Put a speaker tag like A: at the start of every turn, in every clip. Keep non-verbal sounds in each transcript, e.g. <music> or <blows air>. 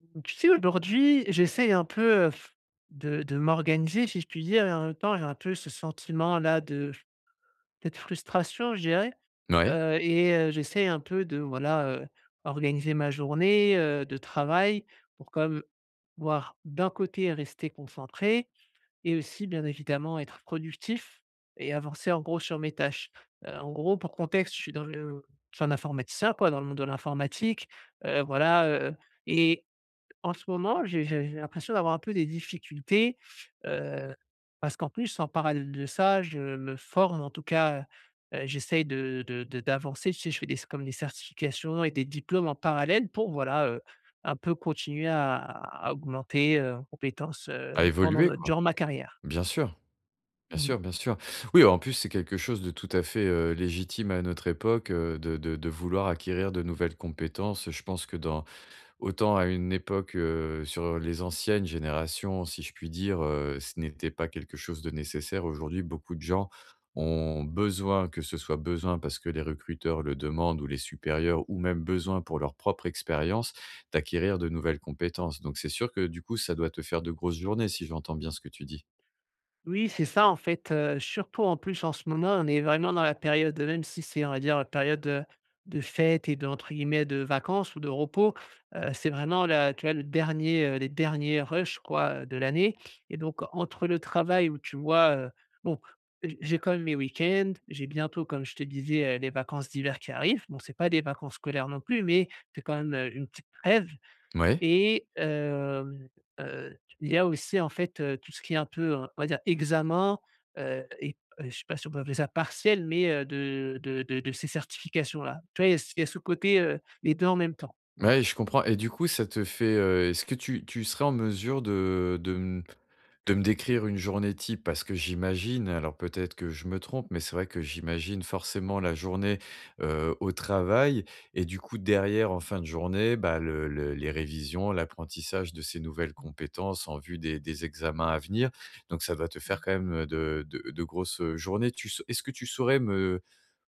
A: Mmh tu sais aujourd'hui j'essaie un peu, heu, <blows air> de de m'organiser si je puis dire et en même temps j'ai un peu ce sentiment là de cette frustration je dirais.
B: Mouais.
A: Heu, et heu, j'essaie un peu de voilà, heu, organiser ma journée, heu, de travail pour comme voir d'un côté rester concentré et aussi bien évidemment être productif et avancer en gros sur mes tâches. Heu, en gros pour contexte je suis dans le je suis un informaticien quoi dans le monde de l'informatique, heu, voilà, heu et en ce moment j'ai j'ai j'ai l'impression d'avoir un peu des difficultés. Heu, parce qu'en plus en parallèle de ça je me forme en tout cas, heu, heu, j'essaie de de de d'avancer tu sais? Je fais des s comme des certifications et des diplômes en parallèle pour voilà, heu, un peu continuer à à à augmenter, heu, en compétences,
B: A
A: heu, pendant
B: évoluer
A: le
B: quoi.
A: durant ma carrière.
B: Bien sûr, bien
A: Mmh.
B: sûr, bien sûr. Oui, en plus, c'est quelque chose de tout à fait, heu, légitime à notre époque, heu, de de de vouloir acquérir de nouvelles compétences. Heu, je pense que dans autant à une époque, heu, sur, heu, les anciennes générations si je puis dire, heu, ce n'était pas quelque chose de nécessaire. Aujourd'hui, beaucoup de gens ont besoin que ce soit besoin parce que les recruteurs le demandent ou les supérieurs ou même besoin pour leur propre expérience, d'acquérir de nouvelles compétences. Donc c'est sûr que du coup ça doit te faire de grosses journées si j'entends bien ce que tu dis?
A: Oui c'est ça en fait, heu, surtout en plus en ce moment on est vraiment dans la période, heu même si c'est on va dire, heu, période, heu, de fêtes et de entre guillemets «de vacances ou de repos». Heu, c'est vraiment la tu vois le dernier, heu, les derniers rush quoi, heu, de l'année et donc entre le travail où tu vois, heu bon, heu, j j'ai quand même mes week-ends. J'ai bientôt comme je te disais, heu, les vacances d'hiver qui arrivent. Bon c'est pas des vacances scolaires non plus mais, que quand même, heu, une petite trêve
B: M ouais.
A: et hem, heu, tu il y a aussi en fait, heu, tout ce qui est un peu un on va dire examen, heu et heu, je sais pas si on peut appeler ça partiel mais, heu, de de de de ces certifications là. Tu vois il y a s il y a ce côté, heu, les 2 en même temps. Voilà.
B: Ouais, je comprends et du coup ça te fait, heu, est-ce que tu tu serais en mesure de de m de me décrire une journée type? Parce que j'imagine- alors peut-être que je me trompe- mais c'est vrai que j'imagine forcément la journée, heu, au travail et du coup derrière en fin de journée, bah, le
A: Mmh
B: le les révisions, l'apprentissage de ces nouvelles
A: Mmh.
B: compétences en vue des des examens à venir. Donc ça va te faire
A: Mmh
B: quand même, heu, de de de grosses, heu, journées. Tu sau est-ce que tu saurais me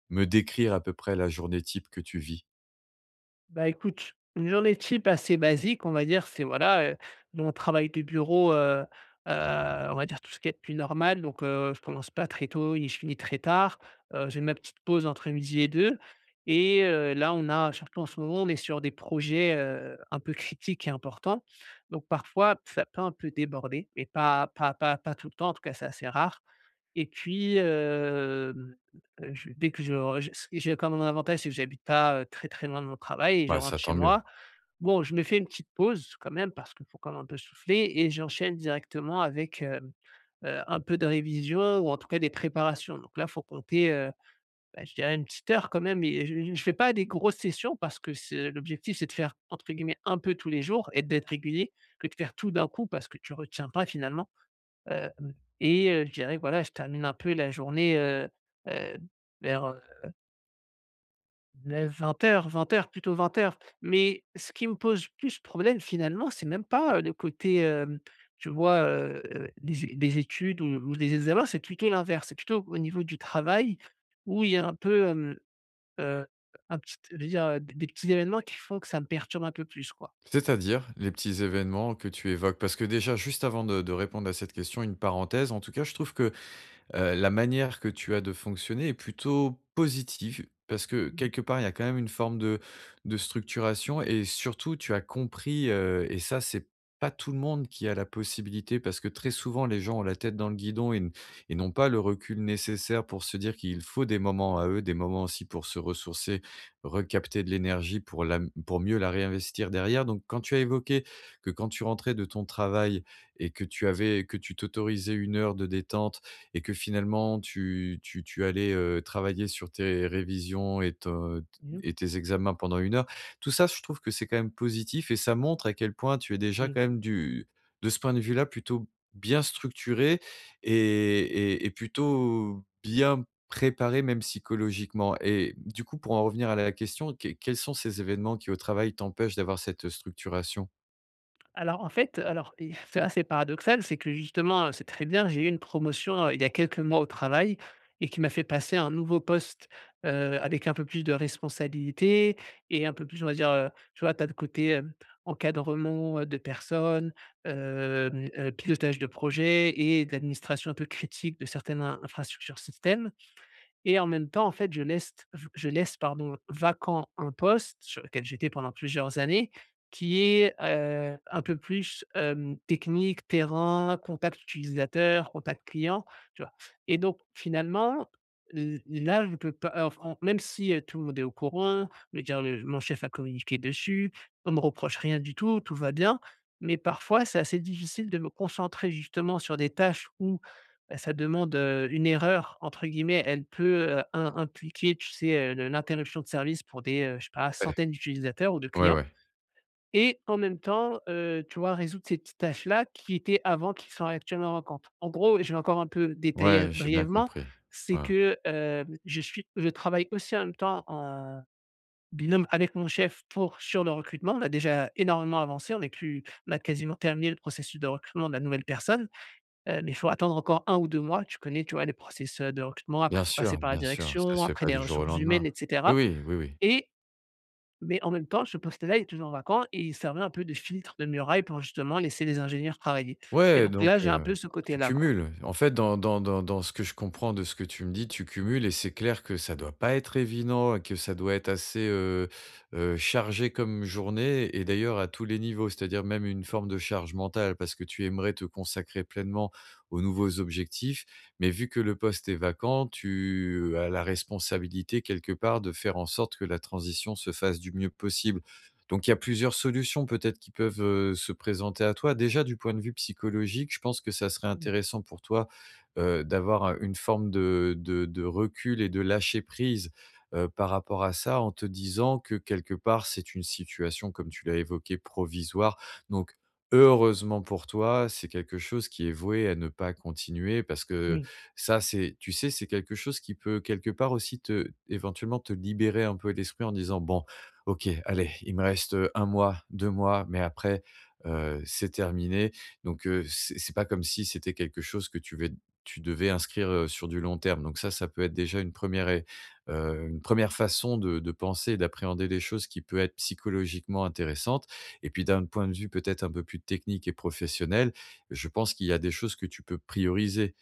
B: me décrire à peu près la journée type que tu vis?
A: Bah, écoute, une journée type assez basique, on va dire, c'est voilà, heu, nous, on travaille du bureau, heu heu, on va dire tout ce qui a de plus normal. Donc heu, je commence pas très tôt et je finis très tard, heu, j'ai ma petite pause entre midi et deux et heu, là, on a, surtout en ce moment, on est sur des projets, heu, un peu critiques et importants. Donc, parfois, ça peut un peu déborder, mais pas pas pas pas pas tout le temps, en tout cas, c'est assez rare. Et puis, hem, e je dès que je re ist j'ai quand même un avantage, c'est que j'habite pas très, très, loin de mon travail et je
B: Bah ça,
A: rentre chez
B: tant mieux.
A: moi. Bon, je me fais une petite pause, quand même, parce qu'il faut quand même un peu souffler et j'enchaîne directement avec, hem heu, un peu de révision ou en tout cas des préparations. Donc là, il faut compter, heu, bah, je dirais 1 petite heure quand même et heu, j j je fais pas des grosses sessions parce que c'est l'objectif, c'est de faire entre guillemets, «un peu tous les jours» et d'être régulier, que de faire tout d'un coup, parce que tu retiens pas finalement. Heu, et heu, je dirais voilà, je termine un peu la journée heu heu, vers heu 9-20:00, 20:00, plutôt, 20:00. Mais ce qui me pose plus problème finalement, c'est même pas le côté, heu, tu vois, heu, des é des études ou des examens, c'est plutôt l'inverse, c'est plutôt au niveau du travail où il y a un peu, hem heu, un petit, je veux dire, des petits évènements qui font que ça me perturbe un peu plus, quoi.
B: C'est-à-dire, les petits événements que tu évoques? Parce que déjà juste avant de de répondre à cette question, une parenthèse en tout cas, je trouve que, heu, la manière que tu as de fonctionner est plutôt positive, parce que
A: Mmh mh.
B: quelque part, il y a quand même une forme de de structuration et surtout tu as compris, heu, et ça c'est pas tout le monde qui a la possibilité, parce que très souvent les gens ont la tête dans le guidon et n et n'ont pas le recul nécessaire pour se dire qu'il faut des moments à eux, des moments aussi pour se ressourcer, recapter de l'énergie pour la pour mieux la réinvestir derrière. Donc quand tu as évoqué que quand tu rentrais de ton travail et que tu avais que tu t'autorisais 1 heure de détente et que finalement, tu tu tu allais, heu, travailler sur tes révisions et t
A: Mmh mh.
B: et tes examens pendant 1 heure. Tout ça, je trouve que c'est quand même positif et ça montre à quel point tu es déjà
A: Oui.
B: quand même du de ce point de vue-là, plutôt bien structuré et et et plutôt bien préparé, même psychologiquement. Et du coup, pour en revenir à la question, que quels sont ces événements, qui au travail, t'empêchent d'avoir cette structuration?
A: Alors en fait, heu, alors, if c'est assez paradoxal, c'est que justement, heu c'est très bien, j'ai eu une promotion, heu, il y a quelques mois au travail. Et qui m'a fait passer un nouveau poste, heu, avec un peu plus de responsabilités et un peu plus on va dire, heu, tu vois? Tu as le côté, hem, encadrement, heu, de personnes, hem heu, pilotage de projets et d'administration un peu critique de certaines in infrastructures système. Et en même temps en fait je leste je je laisse, pardon, vacant un poste sur lequel j'étais pendant plusieurs années, qui est, heu, un peu plus, hem, technique, terrain, contact utilisateur, contact client, tu vois? Et donc finalement, l là, je peux pas, heu, enf en même si, heu, tout le monde est au courant, je veux dire le mon chef a communiqué dessus, on me reproche rien du tout, tout va bien. Mais parfois c'est assez difficile de me concentrer justement sur des tâches où, bah, ça demande, heu, une «erreur», entre guillemets, elle peut im impliquer, tu sais, heu, le l'interruption de service pour des, heu, je sais pas
B: Ouais.
A: centaines d'utilisateurs ou de
B: Ouais,
A: clients.
B: ouais.
A: Et en même temps, heu, tu vois, résoudre ces petites tâches là qui étaient avant, qui sont actuellement manquantes. En gros, je vais encore un peu détailler
B: Ouais, j'ai bien
A: brièvement,
B: compris,
A: c'est
B: heu
A: que, hem, je suis je travaille aussi en même temps, en, heu, binôme avec mon chef pour sur le recrutement. On a déjà énormément avancé, on est plus on a quasiment terminé le processus de recrutement de la nouvelle personne. Heu, mais, il faut attendre encore 1 ou 2 mois, tu connais, tu vois? Les process, heu, de recrutement, après
B: Bien
A: il faut passer
B: sûr,
A: par la
B: bien sûr, ça
A: direction,
B: se fait
A: après
B: pas
A: les
B: du jour au
A: ressources
B: lendemain,
A: humaines et
B: oui,
A: cetera.
B: oui, oui, oui.
A: Et mais en même temps ce poste là est toujours vacant et il servirait un peu de filtre, de muraille, pour justement laisser les ingénieurs travailler. Et
B: Ouais
A: donc
B: donc,
A: là j'ai un
B: heu,
A: peu ce côté
B: tu
A: là, quoi.
B: cumules. En fait, dans dans dans dans ce que je comprends de ce que tu me dis, tu cumules et c'est clair que ça doit pas être évident et que ça doit être assez, heu heu chargé comme journée et d'ailleurs à tous les niveaux. C'est-à-dire même une forme de charge mentale, parce que tu aimerais te consacrer pleinement aux nouveaux objectifs, mais vu que le poste est vacant, tu as la responsabilité quelque part de faire en sorte que la transition se fasse du mieux possible. Donc il y a plusieurs solutions peut-être, qui peuvent, heu, se présenter à toi.
A: <unintelligible>
B: Déjà du point de vue psychologique, je pense que ça serait
A: Mmh.
B: intéressant pour toi, heu, d'avoir, heu, une forme de de de recul et de lâcher prise, heu, par rapport à ça, en te disant que quelque part, c'est une situation, comme tu l'as évoqué, provisoire. Donc heureusement pour toi, c'est quelque chose qui est voué à ne pas continuer parce que
A: Oui.
B: ça c'est, tu sais, c'est quelque chose qui peut quelque part aussi, te, éventuellement, te libérer un peu l'esprit en disant: «Bon OK, allez, il me reste, heu, 1 mois, 2 mois, mais après, heu, c'est terminé. Donc heu, c'est c'est pas comme si c'était quelque chose que tu vais tu devais inscrire, heu, sur du long terme. Donc ça, ça peut être déjà une 1ere ré heu, une 1ere façon de de penser et d'appréhender des choses qui peut être, psychologiquement, intéressantes. Et puis d'un point de vue, peut-être, un peu plus technique et professionnel, je pense qu'il y a des choses que tu peux prioriser.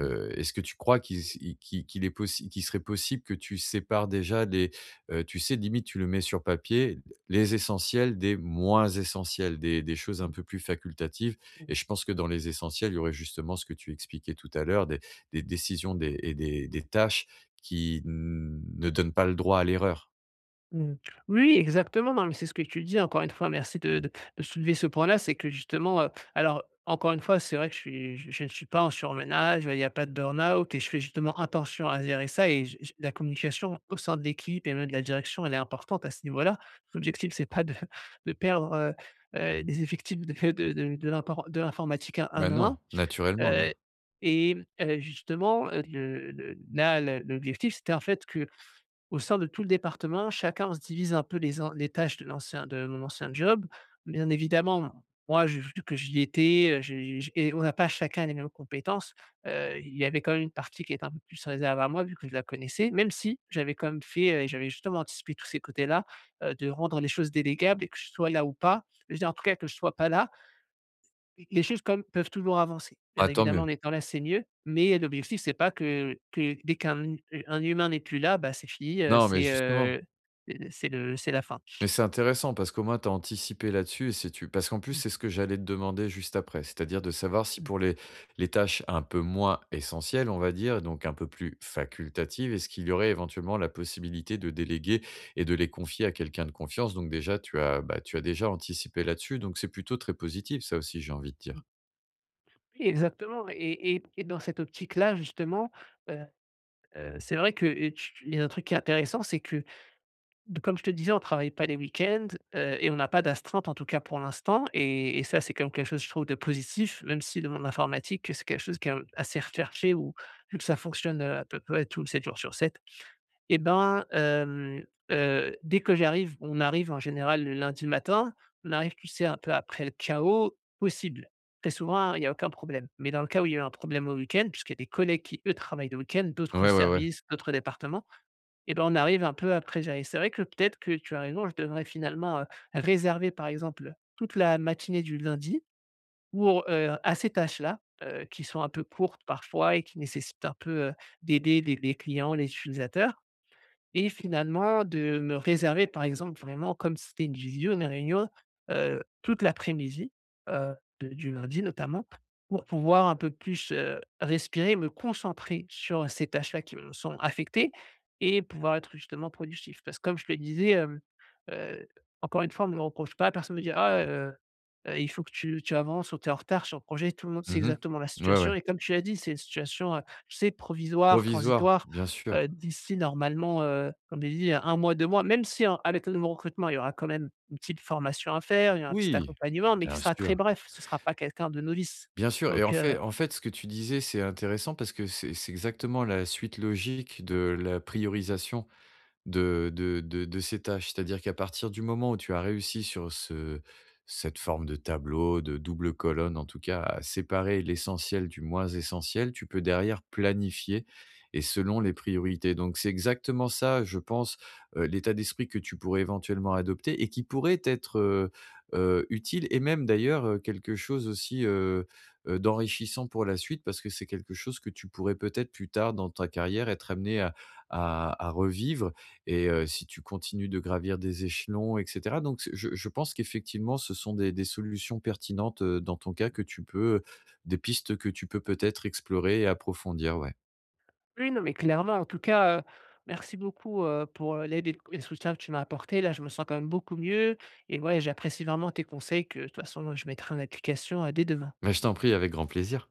A: Mmh.
B: est-ce que tu crois qui s i qui qu'il est possi qu'il serait possible que tu sépares déjà les, heu, tu sais, limite tu le mets sur papier, les essentiels des moins essentiels, des des choses un
A: Mmh.
B: peu plus facultatives.
A: Mmh.
B: Et je pense que dans les essentiels, il y aurait justement ce que tu expliquais tout à l'heure, des des décisions des et des des tâches qui ne donnent pas le droit à l'erreur.
A: Mmh mh. Oui, exactement, non, mais c'est ce que je te disais, encore une fois, merci de de de soulever ce point-là, c'est que justement, heu, alors encore 1 fois, c'est vrai que je suis je ne suis pas en surmenage, bah, il y a pas de burn-out et je fais justement attention à gérer ça et, je je la communication au sein de l'équipe et même de la direction, elle est importante à ce niveau-là. L'objectif, c'est pas de <chuckles> de perdre, heu heu, des effectifs de <chuckles> de de de l'impor de l'informatique un à
B: Bah,
A: un,
B: non, naturellement, non!
A: heu et heu, justement, heu, le le là l'o l'objectif, c'était en fait, qu'au sein de tout le département, chacun, on se divise un peu les en les tâches de l'ancien de mon ancien job. Bien évidemment, moi, j'ai vu que j'y étais, heu, je j et on n'a pas chacun les mêmes compétences, heu, il y avait quand même une partie qui était un peu plus réservée à moi vu que je la connaissais même si j'avais quand même fait, heu, j'avais justement anticipé tous ces côtés-là, heu, de rendre les choses délégables et que je sois là ou pas je veux dire, en tous cas, que je ne sois pas là les- les choses quand même peuvent toujours avancer. Bien
B: Ah! Tant
A: évidemment,
B: mieux.
A: en étant là, c'est mieux, mais heu, l'objectif, c'est pas que que dès qu'un, mmh, heu, un humain n'est plus là, bah, c'est fini, heu,
B: Non, mais
A: c'est
B: justement.
A: heu heu, c'est le c'est la fin.
B: Mais c'est intéressant parce qu'au moins, tu as anticipé là-dessus et c'est tu parce qu'en plus
A: Mmh.
B: c'est ce que j'allais te demander juste après, c'est-à-dire de savoir si
A: Mmh.
B: pour les les tâches un peu moins essentielles, on va dire donc un peu plus facultatives, est-ce qu'il y aurait éventuellement la possibilité de déléguer et de les confier à quelqu'un de confiance? Donc, déjà, tu as, bah, tu as, déjà, anticipé là-dessus donc c'est plutôt très positif ça aussi, j'ai envie de dire.
A: Mmh. Oui, exactement. Et et et dans cette optique-là, justement, heu heu, c'est vrai que, heu, tu tu il y a un truc qui est intéressant, c'est que comme je te disais, on travaille pas les week-ends, heu et on n'a pas d'astreinte, en tout cas pour l'instant et et ça c'est quand même quelque chose, je trouve de positif même si le monde de l'informatique, heu, c'est quelque chose qui est, hem, assez recherché ou vu que ça fonctionne, heu, à peu près tout 7 jours sur 7. Eh ben, hem, heu, dès que j'arrive, on arrive en général le lundi matin. On arrive, tu sais, un peu après le chaos possible. Très souvent, il y a aucun problème mais dans le cas où il y a eu un problème au week-end puisqu'il y a des collègues qui eux travaillent le week-end d'autres
B: Ouais, ouais, ouais.
A: services, d'autres départements et bah, on arrive un peu après gérer. C'est vrai que peut-être que tu as raison, je devrais finalement, heu, réserver, par exemple, toute la matinée du lundi pour heu, à ces tâches-là, heu, qui sont un peu courtes parfois et qui nécessitent un peu, heu, d'aider les les clients, les utilisateurs et finalement de me réserver, par exemple, vraiment comme ci c'était une visio, une réunion, heu, toute l'après-midi, heu, de du lundi notamment pour pouvoir un peu plus, heu, respirer et me concentrer sur ces tâches-là qui me sont affectées et pouvoir être justement productif parce que comme je te disais, hem, heu, encore une fois, on me le reproche pas. Personne me dit: «Ah, heu heu, il faut que tu tu avances» ou «Tu es en retard sur le projet». Tout le monde sait
B: Mmh
A: exactement la
B: mh. Ouais, ouais.
A: situation et comme tu l'as dit, c'est une situation, heu, tu sais, provisoire,
B: Provisoire?
A: transitoire,
B: Bien sûr.
A: heu, d'ici normalement, heu, comme j'ai dit 1 mois, 2 mois, même si en à l'état de mon recrutement, il y aura quand même une petite formation à faire, il y aura un petit
B: Oui!
A: accompagnement, mais qui
B: bien
A: sera
B: sûr
A: très bref, ce sera pas quelqu'un de novice.
B: bien sûr, et en
A: Donc heu
B: fait en fait, ce que tu disais c'est intéressant parce que c'est c'est exactement la suite logique de la priorisation de de de de ces tâches, c'est-à-dire qu'à partir du moment où tu as réussi sur ce cette forme de tableau, de double colonne, en tout cas, à séparer l'essentiel du moins essentiel, tu peux derrière planifier et selon les priorités. Donc, c'est exactement ça, je pense, heu, l'état d'esprit que tu pourrais éventuellement adopter et qui pourrait t'être, heu heu, utile et même d'ailleurs, heu, quelque chose aussi, heu heu, d'enrichissant pour la suite parce que c'est quelque chose que tu pourrais peut-être plus tard dans ta carrière être amené à à à revivre et heu, si tu continues de gravir des échelons et cetera donc c je je pense qu'effectivement ce sont des des solutions pertinentes, heu, dans ton cas que tu peux, heu, des pistes que tu peux peut-être explorer et approfondir, ouais.
A: Oui, non, mais clairement, en tout cas, heu, merci beaucoup, heu, pour l'aide et et le soutien que tu m'as apporté, là, je me sens quand même beaucoup mieux et ouais, j'apprécie vraiment tes conseils que de toute façon je mettrai en application, heu, dès demain.
B: Mais je t'en prie avec grand plaisir!